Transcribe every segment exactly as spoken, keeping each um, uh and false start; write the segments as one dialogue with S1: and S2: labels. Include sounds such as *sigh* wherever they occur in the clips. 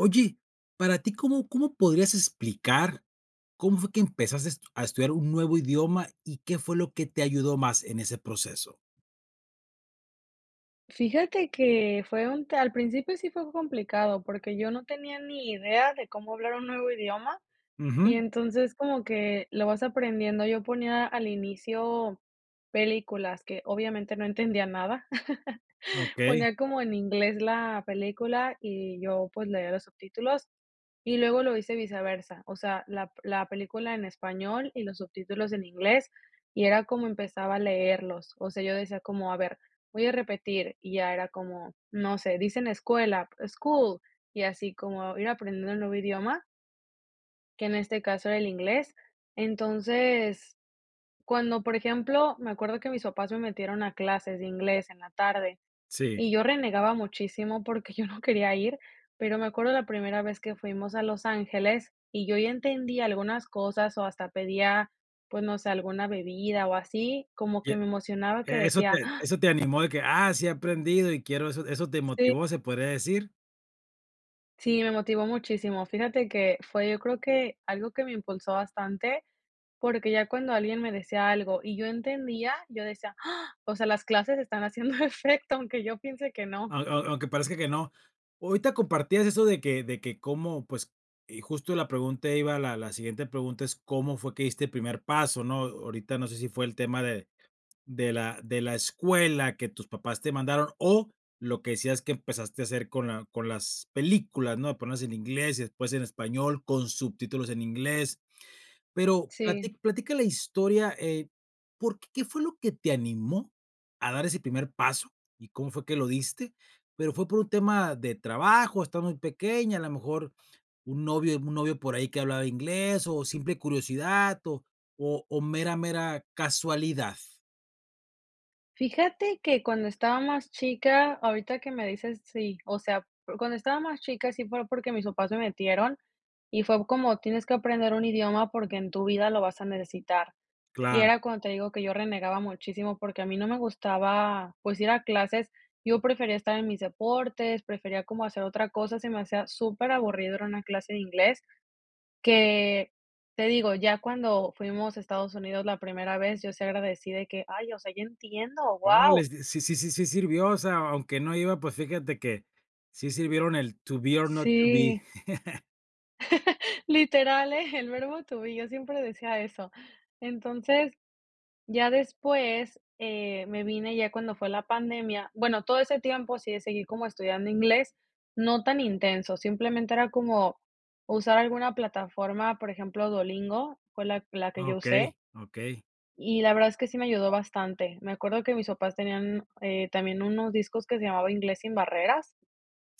S1: Oye, para ti, ¿cómo cómo podrías explicar cómo fue que empezastes a estudiar un nuevo idioma y qué fue lo que te ayudó más en ese proceso?
S2: Fíjate que fue un t al principio sí fue complicado, porque yo no tenía ni idea de cómo hablar un nuevo idioma y
S1: Ujú.
S2: entonces como que lo vas aprendiendo, yo ponía al inicio películas, que obviamente no entendía nada. *chuckles*
S1: Okey.
S2: Ponía como en inglés la película y yo pues leía los subtítulos y luego lo hice viceversa, o sea, la p la película en español y los subtítulos en inglés y era como empezaba a leerlos. O sea, yo decía como: "A ver, voy a repetir", y ya era como, no sé, dicen escuela, school, y así como ir aprendiendo el nuevo idioma que en este caso era el inglés. Entonces cuando, por ejemplo me acuerdo que mis papás me metieron a clases de inglés en la tarde
S1: Sí.
S2: y yo renegaba muchísimo porque yo no quería ir, pero me acuerdo la primera vez que fuimos a Los Ángeles y yo ya entendía algunas cosas o hasta pedía, pues no sé, alguna bebida o así, como
S1: Ya,
S2: que me emocionaba que
S1: eso
S2: decía,
S1: te
S2: "Ah"
S1: eso te animó de que: "Ah sí he aprendido y quiero" ¿eso eso te
S2: Sí.
S1: motivó se podría decir?
S2: Sí, me motivó muchísimo. Fíjate que fue yo creo que, algo que me impulsó bastante, porque ya cuando alguien me decía algo y yo entendía, yo decía; "Ah, o sea, las clases están haciendo efecto aunque yo piense que no".
S1: Au au aunque parezca que no. Ahorita compartías eso de que de que cómo, pues eh, justo la pregunta iba la la siguiente pregunta es, ¿cómo fue que diste el primer paso, no? Ahorita no sé si fue el tema de de la de la escuela que tus papás te mandaron o lo que decías que empezaste a hacer con la con las películas, ¿no?, de ponerlas en inglés y después en español, con subtítulos en inglés, pero
S2: Sí.
S1: plati platica la historia, eh, por ¿qué fue lo que te animó a dar ese primer paso y cómo fue que lo diste?, pero ¿fue por un tema de trabajo?, estabas muy pequeña, a lo mejor un novio un novio por ahí que hablaba inglés, o simple curiosidad, o o o mera mera casualidad.
S2: Fíjate que cuando estaba más chica, ahorita que me dices, sí, o sea, o, cuando estaba más chica, sí pero porque mis papás se metieron y fue como: "Tienes que aprender un idioma porque en tu vida lo vas a necesitar", y
S1: Claro.
S2: era cuando te digo que yo renegaba muchísimo porque a mí no me gustaba, pues ir a clases, yo prefería estar en mis deportes, prefería como hacer otra cosa. Se me hacía superaburrido ir a una clase de inglés que, te digo, ya cuando fuimos a Estados Unidos la primera vez, yo sí agradecí de que: "Ay, o sea, yo entiendo, wao".
S1: Orales. Sí sí sí sí si sirvió, o sea, aunque no iba, pues fíjate que sí sirvieron el to be or not to be.
S2: Si.
S1: *chuckles*
S2: *chuckles* Literal, eh, el verbo to be yo siempre decía eso. Entonces, ya después, eh, me vine ya cuando fue la pandemia bueno, todo ese tiempo sí le seguí como estudiando inglés, no tan intenso, simplemente era como usar alguna plataforma, por ejemplo, Duolingo, fue la la que yo usé
S1: Okey, okey.
S2: y la verdad es que sí me ayudó bastante. Me acuerdo que mis papás tenían, eh, también unos discos que se llamaban Inglés sin barreras,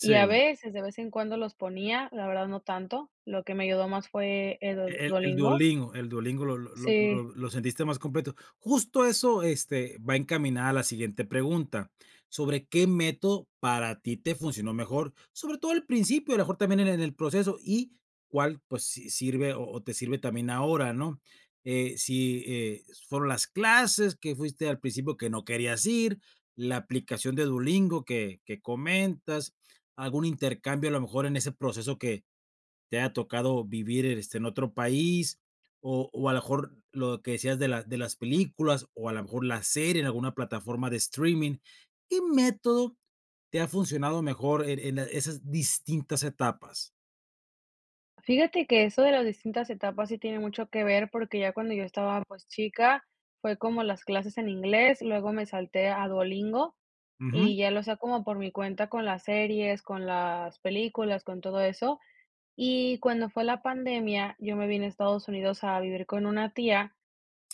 S2: y a veces, de vez en cuando los ponía, la verdad, no tanto, lo que me ayudó más fue el Duo
S1: E el el
S2: Duolingo.
S1: Duolingo el Duolingo lo lo lo
S2: Si.
S1: lo lo sentiste más completo. Justo eso este, va encaminada la siguiente pregunta, sobre qué método para ti te funcionó mejor, sobre todo al principio, a lo mejor también en en el proceso y cuál, pues si sirve o o te sirve también ahora, ¿no?, eh, si, eh, fueron las clases que fuiste al principio que no querías ir, la aplicación de Duolingo que que comentas, algún intercambio a lo mejor, en ese proceso que te haya tocado vivir, este, en otro país, o o a lo mejor lo que decías de las de las películas, o a lo mejor la serie en alguna plataforma de streaming. ¿Qué método te ha funcionado mejor en en esas distintas etapas?
S2: Fíjate que eso de las distintas etapas, sí tiene mucho que ver. Porque ya cuando, yo estaba, pues, chica, fue como las clases en inglés, y luego me salté a Duolingo.
S1: Uju.
S2: Y ya lo hacia, como por mi cuenta, con las series, con las películas, con todo eso. Y, cuando fue la pandemia, yo me vine a Estados Unidos, a vivir con una tía,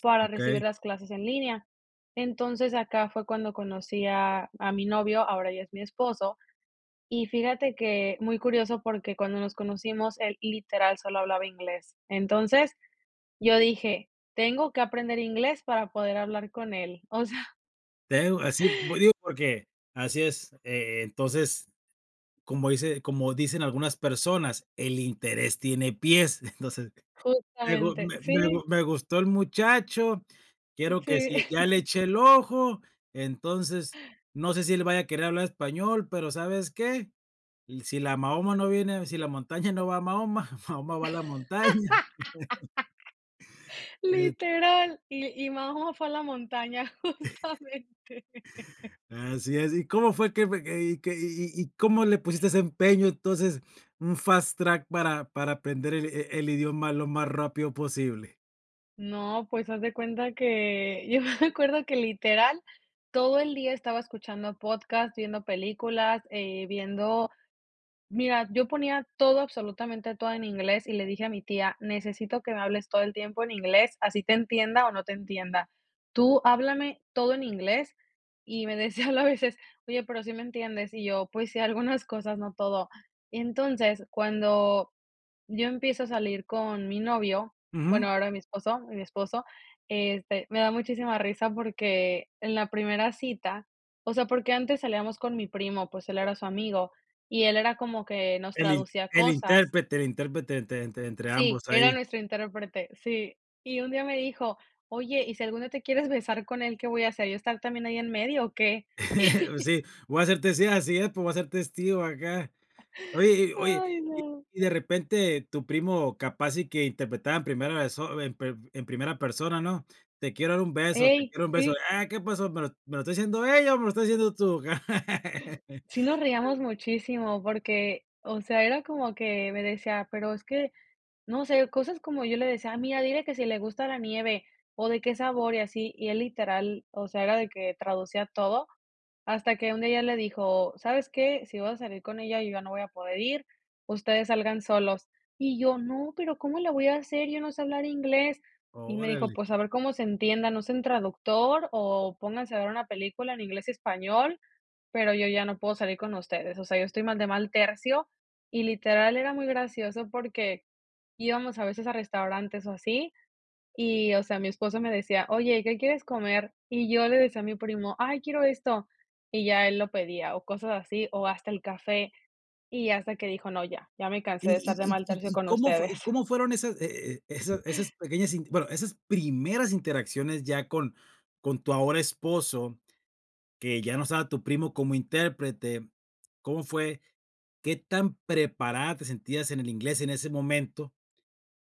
S2: para recibir
S1: Okey.
S2: las clases en línea. Entonces, acá fue cuando conocí a a mi novio, ahora ya es mi esposo. Y fíjate que, muy curioso, porque cuando nos conocimos, él, literal, solo hablaba inglés. Entonces, yo dije: "Tengo que aprender inglés para poder hablar con él". *chuckles* O sea
S1: Te digo, así. Digo, porque, así es. Eh, e entonces, como dice como dicen algunas personas: "El interés tiene pies". *chuckles* Entonces, me gu
S2: Justamente,
S1: me me
S2: sí.
S1: gu me gustó el muchacho, quiero, que
S2: Sí.
S1: si ya le
S2: *laughs*
S1: eché el ojo. Entonces, no sé, si él vaya a querer hablar español, pero, ¿sabes qué? "Si la Mahoma, no viene a Si la montaña, *chuckles* no va a Mahoma. Mahoma, va a la montaña". *laughs*
S2: *laughs*
S1: Et
S2: Literal. Li y Mahoma fue a la montaña,
S1: *chuckles*
S2: justamente
S1: Así, así. ¿Y cómo fue que be y que y y cómo le pusiste ese empeño, entonces? Un fast track para para aprender, el e el idioma lo más rápido posible.
S2: No, pues, haz de cuenta que yo me acuerdo que literal, todo el día estaba escuchando podcast, viendo películas, eh, viendo mira, yo ponía todo absolutamente todo en inglés y le dije a mi tía: "Necesito que me hables todo el tiempo en inglés, así te entienda o no te entienda, tú háblame todo en inglés", y me decía a veces: "Oye, ¿pero sí me entiendes?", y yo: "Pues sí, algunas cosas, no todo", entonces, cuando yo empiezo a salir con mi novio,
S1: Ujú.
S2: bueno, ahora mi esposo mi esposo, este, me da muchísima risa porque en la primera cita o sea, porque antes salíamos con mi primo, pues él era su amigo, y él era como que nos
S1: El int
S2: traducía
S1: el
S2: cosas.
S1: intérprete el intérprete entre entre entre
S2: Sí,
S1: ambos
S2: era
S1: ahí.
S2: nuestro intérprete, sí, y un día me dijo: "Oye, y si algún día te quieres besar con él, ¿qué voy a hacer? ¿Yo estar también ahí en medio o qué?".
S1: *chuckles* Pues,
S2: *chuckles*
S1: sí, voy a ser testig así es, pero voy a ser testigo acá.
S2: *chuckles*
S1: Oye y oye,
S2: Ay,
S1: y
S2: no.
S1: y de repente tu primo capaz y que interpretaba en primera perso en per en primera persona, ¿no?, "Te quiero dar un beso", "Te
S2: Ey,
S1: quiero dar un beso",
S2: sí.
S1: "Ah, ¿qué pasó?, me lo me lo está diciendo ella, o me lo estás diciendo tú". *laughs*
S2: Sí nos reíamos
S1: Sí.
S2: muchísimo porque, o sea, era como que me decía pero es que, no sé, cosas como yo le decía: "Mira, dile que si le gusta la nieve o de qué sabor y así", y él literal, o sea, era de que traducía todo, hasta que un día ya le dijo: "¿Sabes qué?, si vas a salir con ella, yo ya no voy a poder ir, ustedes salgan solos", y yo: "No, pero, ¿cómo le voy a hacer?, yo no sé hablar inglés", y me dijo:
S1: Órale.
S2: "Pues, a ver cómo se entiendan, usen traductor o pónganse a ver una película en inglés y español, pero yo ya no puedo salir con ustedes, o sea, yo estoy mal de mal tercio", y literal era muy gracioso porque íbamos a veces a restaurantes o así y, o sea mi esposo me decía: "Oye, ¿qué quieres comer?", y yo le decía a mi primo: "Ay quiero esto", y ya él lo pedía o cosas así, o hasta el café, y hasta que dijo: "No, ya ya me
S1: Y
S2: cansé de estar de
S1: y y
S2: mal
S1: y
S2: tercio
S1: y,
S2: con
S1: ¿cómo fue y
S2: ustedes".
S1: cómo fueron esas e e esas esas pequeñas inter bueno, esas primeras interacciones ya con con tu ahora esposo, que ya no estaba tu primo como intérprete? ¿Cómo fue qué tan preparada te sentías en el inglés en ese momento,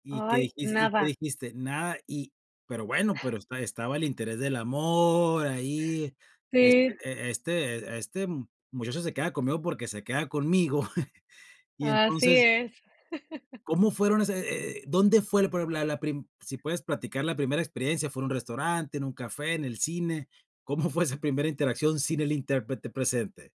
S1: y qué
S2: Ay,
S1: dijis y qué
S2: nada.
S1: dijiste? Nada, y pero bueno, pero esta estaba el interés del amor ahí, este
S2: Sí.
S1: e este "Este muchacho se queda conmigo porque se queda conmigo", *chuckles* y
S2: Así
S1: entonces
S2: es. *chuckles*
S1: ¿Cómo fueron ese eh? ¿dónde fue la prim la la prim? si puedes platicar la primera experiencia, ¿fue en un restaurante, en un café, en el cine? ¿Cómo fue esa primera interacción sin el intérprete presente?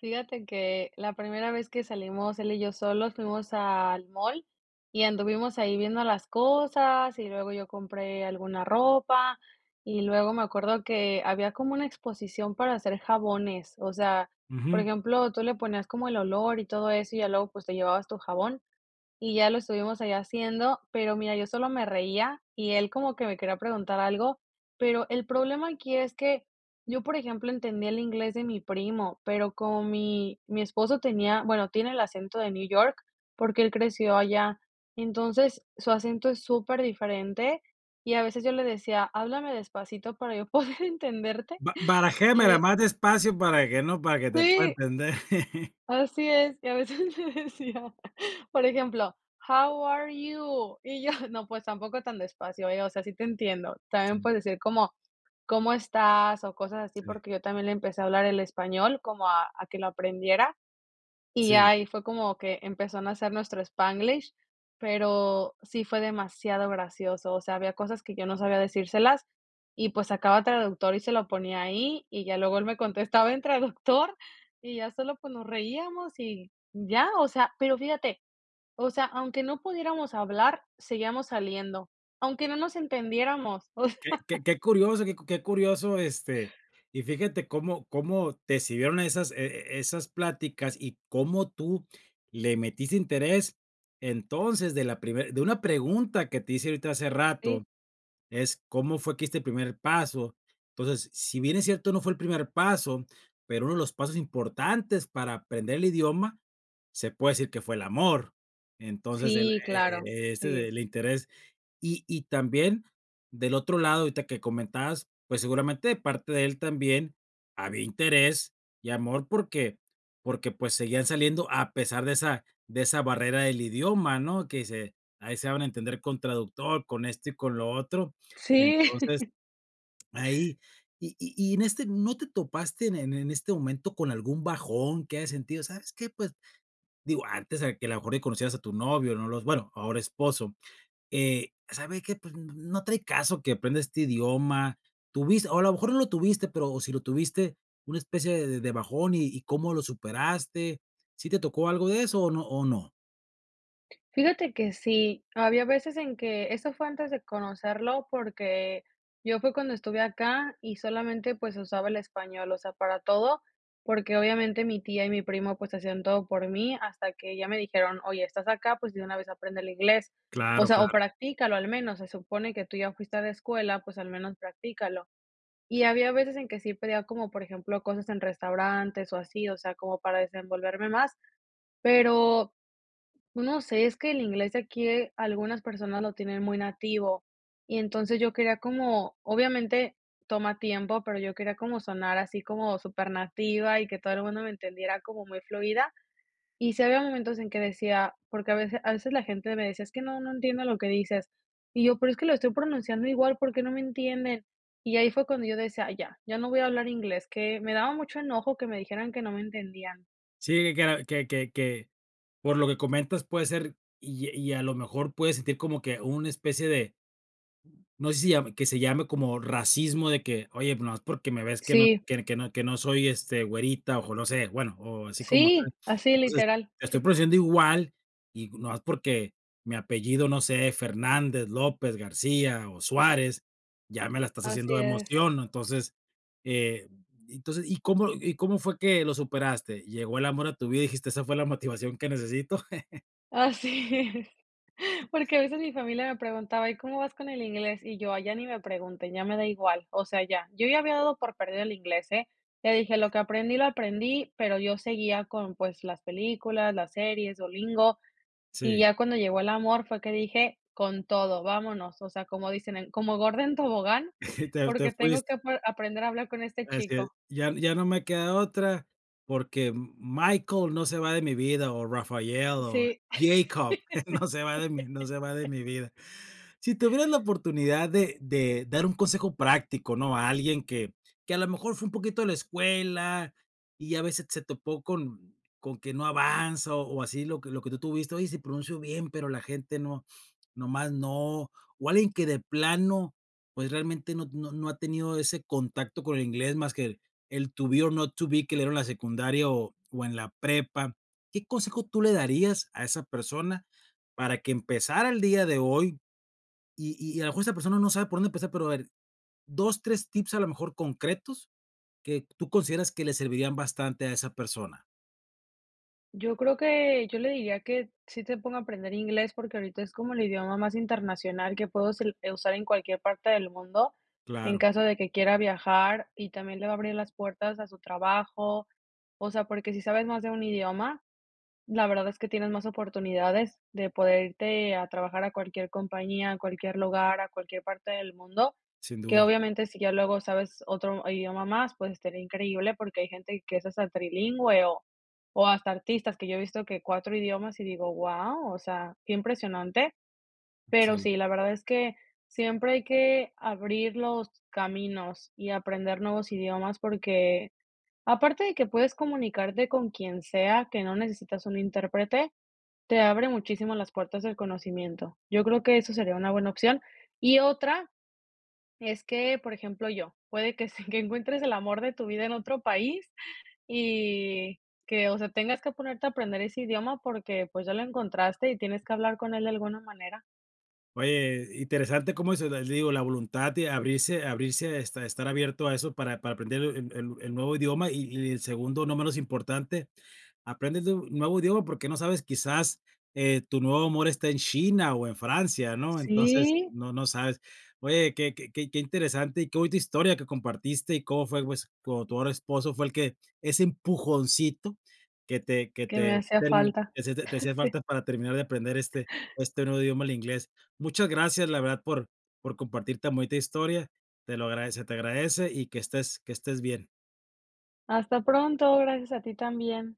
S2: Fíjate que, la primera vez que salimos, él y yo solos, fuimos al mall, y anduvimos ahí viendo las cosas. Y luego, yo compré alguna ropa. Y luego, me acuerdo que, había como una exposición para hacer jabones. O sea, por
S1: Ujú.
S2: ejemplo, tú le ponías como el olor, y todo eso, y ya luego, pues te llevabas tu jabón. Y ya lo estuvimos ahí haciendo. Pero mira, yo solo me reía, y él, como que me quería preguntar algo. Pero, el problema aquí es que, yo, por ejemplo, entendía el inglés de mi primo, pero, como mi mi esposo tenía Bueno, tiene el acento de New York, porque él creció allá. Entonces, su acento es súper diferente, y a veces yo le decía: "Háblame despacito, para yo *chuckles* poder entenderte",
S1: Ba barajéamela
S2: y
S1: más despacio, para que no para que te pueda
S2: Sí.
S1: entender.
S2: Así es. Y a veces me decía, por ejemplo, How are you? Y yo: "No, pues, tampoco tan despacio, ¿eh? O sea, sí te entiendo. También
S1: Sí.
S2: puedes decir: ¿cómo estás?, o cosas así".
S1: Sí.
S2: Porque yo también, le empecé a hablar el español, como a a que lo aprendiera. Y
S1: Sí.
S2: ahí fue, como que empezó a nacer, nuestro spanglish. Pero, sí fue demasiado gracioso. O sea, había cosas, que yo no sabía decírselas, y pues, sacaba traductor, y se lo ponía ahí. Y ya luego, él me contestaba en traductor. Y ya sólo, pues, nos reíamos, y ya, o sea. Pero fíjate, o sea, aunque no pudiéramos hablar, seguíamos saliendo, aunque no nos entendiéramos. *laughs* O sea
S1: Qué qué qué curioso, qué qué curioso. Este,
S2: *inhales*
S1: y fíjate cómo cómo te sirvieron esas e esas pláticas, y cómo tú, le metiste interés. Entonces, de la primer de una pregunta, que te hice ahorita, hace rato,
S2: Sí.
S1: es: "¿cómo fue que diste el primer paso?". Entonces, si bien es cierto, no fue el primer paso, pero uno de los pasos importantes, para aprender el idioma, se puede decir, que fue el amor. Entonces, el
S2: Sí,
S1: e
S2: claro.
S1: e e este
S2: Sí.
S1: del interés. Y y también, del otro lado, ahorita que comentabas, pues, seguramente, de parte de él, también, había interés y amor, porque porque, pues, seguían saliendo, a pesar de esa de esa barrera del idioma, ¿no? Que se ahí se daban a entender con traductor, con esto y con lo otro.
S2: Sí.
S1: Entonces,
S2: *chuckles* *inhales*
S1: ahí y y y en este, ¿no te topaste en en este momento, con algún bajón, que hayas sentido? "¿Sabes qué?, pues". Digo, antes, eh, que, a lo mejor, que conocieras a tu novio. No los bueno, ahora esposo. Eh, "¿sabe qué? Pues, n no trae caso, que aprenda este idioma". ¿Tuviste? O a lo mejor no lo tuviste, pero si lo tuviste, ¿una especie de de bajón? Y y, ¿cómo lo superaste? ¿Sí te tocó algo de eso, o no o no?
S2: Fíjate que sí, había veces en que eso fue antes de conocerlo porque yo fue cuando estuve acá y solamente, pues, usaba el español, o sea, para todo, porque obviamente mi tía y mi primo, pues, hacían todo por mí hasta que ya me dijeron: "Oye, estás acá, pues, de una vez aprende el inglés, o
S1: Claro,
S2: sea, o
S1: claro.
S2: practícalo al menos, se supone que tú ya fuiste a la escuela, pues, al menos practícalo". Y había veces en que sí pedía como, por ejemplo, cosas en restaurantes o así, o sea, como para desenvolverme más. Pero, no sé, es que el inglés de aquí algunas personas lo tienen muy nativo y entonces, yo quería como obviamente toma tiempo, pero yo quería como sonar así como super nativa y que todo el mundo me entendiera como muy fluida. Y sí había momentos en que decía, porque a vece a veces la gente me decía: "Es que no no entiendo lo que dices". Y yo: "Pero es que lo estoy pronunciando igual, porque no me entienden". Y ahí fue cuando yo decía: "Ay ya, ya no voy a hablar inglés", que me daba mucho enojo que me dijeran que no me entendían.
S1: Sí, que era que que que por lo que comentas puede ser y y a lo mejor puedes sentir como que una especie de no sé si lla que se llame como racismo de que oye, nomás porque me ves que no
S2: Sí.
S1: que que no que no soy, este, güerita o no sé, bueno, o así como tú.
S2: Sí. Así,
S1: Entonces,
S2: literal. Sí
S1: estoy produciendo igual y nomás porque mi apellido, no sé, Fernández, López, García o Suárez, ya me la estás
S2: Así
S1: haciendo de
S2: es.
S1: emoción, ¿no? Entonces, eh, y entonces, ¿y cómo y cómo fue que lo superaste? ¿Llegó el amor a tu vida y dijiste: "Esa fue la motivación que necesito"?
S2: Así es. *exhales*
S1: *laughs*
S2: Porque a veces mi familia me preguntaba: "¿Y cómo vas con el inglés?", y yo: "Ay ya ni me pregunten, ya me da igual, o sea, ya". Yo ya había dado por perdido el inglés, eh, le dije: "Lo que aprendí, lo aprendí", pero yo seguía con, pues, las películas, las series, Duolingo, y
S1: Sí.
S2: ya cuando llegó el amor fue que dije: "Con todo, ¡vámonos!, o sea, como dicen en: "Como gorda en tobogán",
S1: *chuckles* Te te
S2: porque tengo que
S1: fuiste.
S2: ape aprender a hablar con este
S1: Así es,
S2: chico.
S1: ya ya no me queda otra porque Michael no se va de mi vida, o Raphael, o
S2: Sí.
S1: Jacob, *chuckles* no se va de mi no se va de mi
S2: *laughs*
S1: vida. Si tuvieras la oportunidad de de dar un consejo práctico, ¿no?, a alguien que que a lo mejor fue un poquito a la escuela, y a ve se se topó con con que no avanza o así lo que lo que tú tuviste, oye, sí pronuncio bien, pero la gente no, nomás no, o alguien que de plano, pues, realmente no no no ha tenido ese contacto con el inglés más que el to be or not to be, que le dieron la secundaria o o en la prepa. ¿Qué consejo tú le darías a esa persona para que empezara el día de hoy? Y y a lo mejor esa persona no sabe por dónde empezar, pero a ver, dos, tres tips a lo mejor concretos que tú consideras que le servirían bastante a esa persona.
S2: Yo creo que, yo le diría que sí se ponga a aprender inglés, porque ahorita es como el idioma más internacional que puedo sel eh, usar en cualquier parte del mundo, en
S1: Claro.
S2: caso de que quiera viajar y también le va a abrir las puertas a su trabajo. O sea, porque si sabes más de un idioma, la verdad es que tienes más oportunidades de poder irte a trabajar a cualquier compañía, a cualquier lugar, a cualquier parte del mundo,
S1: Sin
S2: que
S1: duda.
S2: obviamente si ya luego sabes otro idioma más, pues, estaría increíble porque hay gente que es hasta trilingüe o o hasta artistas que yo he visto que cuatro idiomas y digo: "Guau", o sea, qué impresionante. Pero
S1: Sí.
S2: sí, la verdad es que siempre hay que abrir los caminos y aprender nuevos idiomas, porque aparte de que puedes comunicarte con quien sea que no necesitas un intérprete, te abre muchísimo las puertas del conocimiento. Yo creo que eso sería una buena opción. Y otra es que, por ejemplo, yo, puede que se que encuentres el amor de tu vida en otro país y que, o sea, tengas que ponerte a aprender ese idioma porque, pues, ya lo encontraste y tienes que hablar con él de alguna manera.
S1: Oye, interesante cómo eso del digo, la voluntad de abrirse abrirse, este, estar abierto a eso para para aprender el el el nuevo idioma y y en segundo no menos importante, aprendes de un nuevo idioma porque no sabes quizás, eh, tu nuevo amor está en China o en Francia, ¿no?, entonces,
S2: Sí.
S1: no no sabes. Oye, qué qué qué qué interesante y qué bonita historia que compartiste y cómo fue pues con tu ahora esposo, fue el que ese empujoncito que te que
S2: Que me
S1: te
S2: hacía
S1: termi
S2: falta.
S1: te hacia te hacía
S2: Sí.
S1: falta para terminar de aprender este este nuevo idioma, el inglés. Muchas gracias, la verdad, por por compartir tan bonita historia. Te lo agradece te agradece y que estés que estés bien.
S2: Hasta pronto, gracias a ti también.